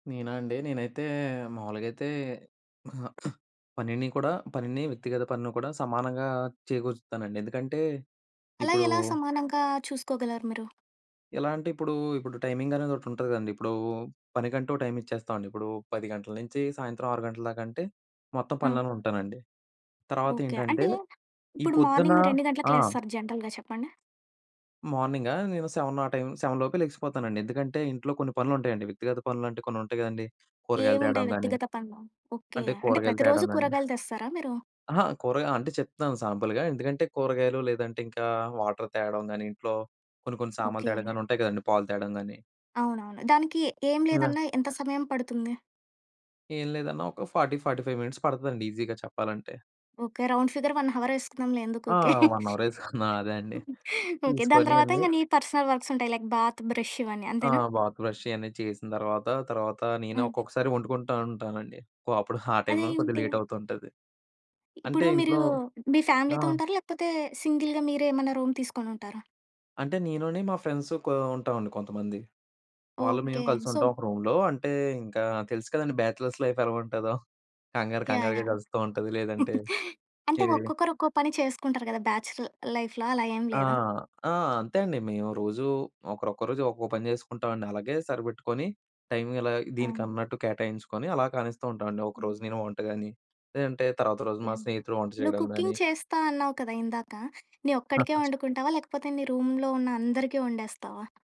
నేనా అండి? నేనైతే మావులుగైతే మా పనిని కూడా పనిని వ్యక్తిగత పనిని కూడా సమానంగా చేకూరుస్తానండి. ఎందుకంటే, అలా ఇప్పుడూ ఎలా సమానంగా చూసుకోగలరు మీరు? ఎలా అంటే, ఇప్పుడూ, ఇప్పుడు టైమింగనేదొకటుంటది కదండి. ఇప్పుడూ పనిగంటూ ఓ టైమిచ్చేస్తావండి. ఇప్పుడూ 10 గంటల నించి సాయంత్రం 6 గంటల దాకంటే, మొత్తం హ్మ్. పనులోనే ఉంటానండి. ఓకే. అంటే, తర్వాతేంటంటే, ఈ ఇప్పుడు పొద్దున మార్నింగ్ మీరెన్ని గంటలకి ఆ! లేస్తారు జనరల్‌గా చెప్పండి? మార్నింగా? నేను 7 ఆ టైమ్ 7 లోపే లెగిసిపోతానండి. ఎందుకంటే, ఇంట్లో కొన్ని పనులుంటాయండి వ్యక్తిగత పనులంటే కొన్నుంటయి గదండి, కూరగాయలు ఏముంటాయి తేడం గానీ వ్యక్తిగత పనులు? ఓకే. అంటే, అంటే, కూరగాయలు ప్రతిరోజు తేడం గానీ. కూరగాయలు తెస్తారా మీరు? అహ! కూరగా అంటే, చెప్తున్నాను సాంపుల్‌గా ఎందుకంటే, కూరగాయలు, లేదంటే ఇంకా వాటర్ తేడం గానీ, ఇంట్లో కొన్ని కొన్ని సామాన్లు ఓకే. తేడంగా గానీ ఉంటయి కదండి, పాలు తేడం గానీ. అవునవును. దానికి ఏం లేదన్నా ఎంత సమయం పడుతుంది? ఏం లేదన్నా ఒక 40, 45 మినిట్స్ పడతదండి ఈజీగా చెప్పాలంటే. ఓకే. రౌండ్ ఫిగర్ 1 హవర్ యేసుకుందాంలే ఎందుకు ఆ! ఊకే. 1 అవరేసుకున్నా అదే అండి. ఓకే. దాని తీసుకోని తరువాత అన్ని ఇంక నీ పర్సనల్ వర్క్సుంటాయి లైక్ బాత్, బ్రష్ ఇవన్నీ. ఆ! అంతేనా? బాత్, బ్రష్ ఇవన్నీ చేసిన తర్వాత, తర్వాతా నేనే ఆ! ఒక్కొక్కసారి ఒండుకుంటా ఉంటానండి. కొ అప్పుడు ఆ టైమ్‌లోనే కొద్దిగ అదేంటి? లేటవుతుంటది. అంటే, ఇప్పుడు మీరూ ఇంట్లో మీ ఆ! ఫ్యామిలీతో ఉంటారా, లేకపోతే సింగిల్‌గా మీరే ఏమన్నా రూమ్ తీసుకొనుంటారా? అంటే, నేనుని, మా ఫ్రెండ్సు కో ఉంటావండి కొంతమంది. వాళ్ళు, ఓకే. మేము సో కలిసుంటాం ఒక రూమ్‌లో. అంటే, ఇంకా తెలుసు కదండి, బ్యాచలర్స్ లైఫ్ ఎలగుంటదో. కంగారు యాహ్! కంగారుగా యాహ్! గడుస్తా ఉంటది, లేదంటే అంటే, ఏవి? ఒక్కొక్కరు ఒక్కో పని చేసుకుంటారు గదా బ్యాచ్‌ల్ లైఫ్‌లో. అలా ఏం ఆ! లేదా? ఆ! అంతే అండి. మేము రోజూ ఒకరొక్కొ రోజు ఒక్కొక్క పని చేసుకుంటావండి. అలాగే, సరిపెట్టుకోని టైమ్ ఇలాగా ఆహా! దీనికన్నట్టు కేటాయించుకొని అలా కానిస్తూ ఉంటావండి. ఒకరోజు హ్మ్. నేను వంట గానీ, లేదంటే తర్వాత రోజు మా ఏన్ స్నేహితుడు వంట నువ్వు చేయడం కుకింగ్ గానీ. చేస్తా అన్నావు కదా! ఇందాక. నీ ఒక్కడికే ఒంకుంటావా, లేకపోతే నీ రూమ్‌లో ఉన్న అందరికీ ఒండేస్తావా?